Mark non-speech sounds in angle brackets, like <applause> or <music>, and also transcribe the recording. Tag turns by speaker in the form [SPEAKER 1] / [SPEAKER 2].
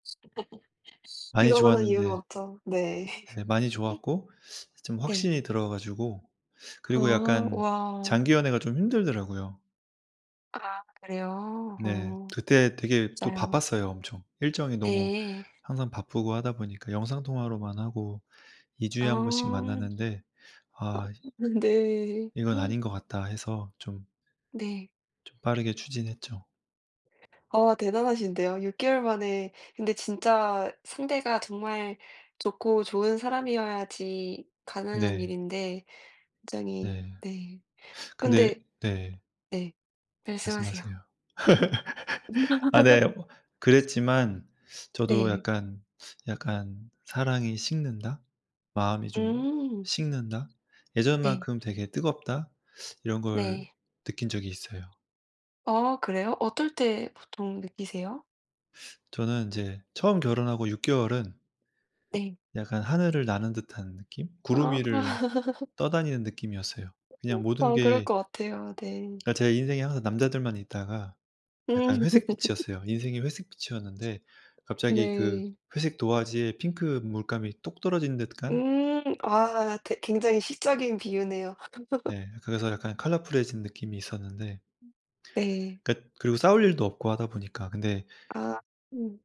[SPEAKER 1] <laughs>
[SPEAKER 2] 많이
[SPEAKER 1] 그거만한 이유가
[SPEAKER 2] 좋았는데
[SPEAKER 1] 없죠. 네.
[SPEAKER 2] 네 많이
[SPEAKER 1] <laughs>
[SPEAKER 2] 좋았고 좀
[SPEAKER 1] 네.
[SPEAKER 2] 확신이 들어 가지고 그리고
[SPEAKER 1] 아
[SPEAKER 2] 약간
[SPEAKER 1] 와.
[SPEAKER 2] 장기연애가 좀 힘들더라고요.
[SPEAKER 1] 아 그래요?
[SPEAKER 2] 네
[SPEAKER 1] 어
[SPEAKER 2] 그때 되게 또
[SPEAKER 1] 맞아요.
[SPEAKER 2] 바빴어요 엄청. 일정이 너무
[SPEAKER 1] 네.
[SPEAKER 2] 항상 바쁘고 하다 보니까 영상통화로만 하고
[SPEAKER 1] 아.
[SPEAKER 2] 2주에 1 번씩 만났는데 아이씨
[SPEAKER 1] 아 네.
[SPEAKER 2] 이건
[SPEAKER 1] <gasps>
[SPEAKER 2] 아닌 것 같다 해서 좀
[SPEAKER 1] 네.
[SPEAKER 2] 좀 빠르게 추진했죠.
[SPEAKER 1] 아 대단하신데요. 6개월 만에 근데 진짜 상대가 정말 좋고 좋은 사람이어야지 가능한
[SPEAKER 2] 네.
[SPEAKER 1] 일인데
[SPEAKER 2] 네.
[SPEAKER 1] 굉장히
[SPEAKER 2] 네.
[SPEAKER 1] 네
[SPEAKER 2] 근데
[SPEAKER 1] 근데
[SPEAKER 2] 네.
[SPEAKER 1] 네 말씀하세요.
[SPEAKER 2] 말씀하세요.
[SPEAKER 1] <laughs>
[SPEAKER 2] <laughs> 아 네 그랬지만 저도
[SPEAKER 1] 네.
[SPEAKER 2] 약간 약간 '사랑이 식는다.' '마음이 좀
[SPEAKER 1] 음.
[SPEAKER 2] 식는다.'
[SPEAKER 1] 네.
[SPEAKER 2] '예전만큼 되게 뜨겁다.' 이런 걸
[SPEAKER 1] 네.
[SPEAKER 2] 느낀 적이 있어요.
[SPEAKER 1] 어 그래요? 어떨 때 보통 느끼세요?
[SPEAKER 2] 저는 인제 처음 결혼하고 6개월은
[SPEAKER 1] 네.
[SPEAKER 2] 약간 하늘을 나는 듯한 느낌? 구름
[SPEAKER 1] 아.
[SPEAKER 2] 위를
[SPEAKER 1] <laughs>
[SPEAKER 2] 떠다니는 느낌이었어요.
[SPEAKER 1] 그죠.
[SPEAKER 2] 그냥 모든
[SPEAKER 1] 어 그럴
[SPEAKER 2] 게
[SPEAKER 1] 것 같아요. 네.
[SPEAKER 2] 그러니까 제 인생에 항상 남자들만 있다가
[SPEAKER 1] 음.
[SPEAKER 2] 약간 회색빛이었어요.
[SPEAKER 1] <laughs>
[SPEAKER 2] 인생이 회색빛이었는데 갑자기 그
[SPEAKER 1] 네.
[SPEAKER 2] 회색 도화지에 핑크 물감이 똑 떨어진 듯한?
[SPEAKER 1] 음. 아 대 굉장히 시적인 비유네요. <laughs>
[SPEAKER 2] 네 그래서 약간 컬러풀해진 느낌이 있었는데
[SPEAKER 1] 네.
[SPEAKER 2] 그러니까 그리고 싸울 일도 없고 하다 보니까 근데.
[SPEAKER 1] 아 음.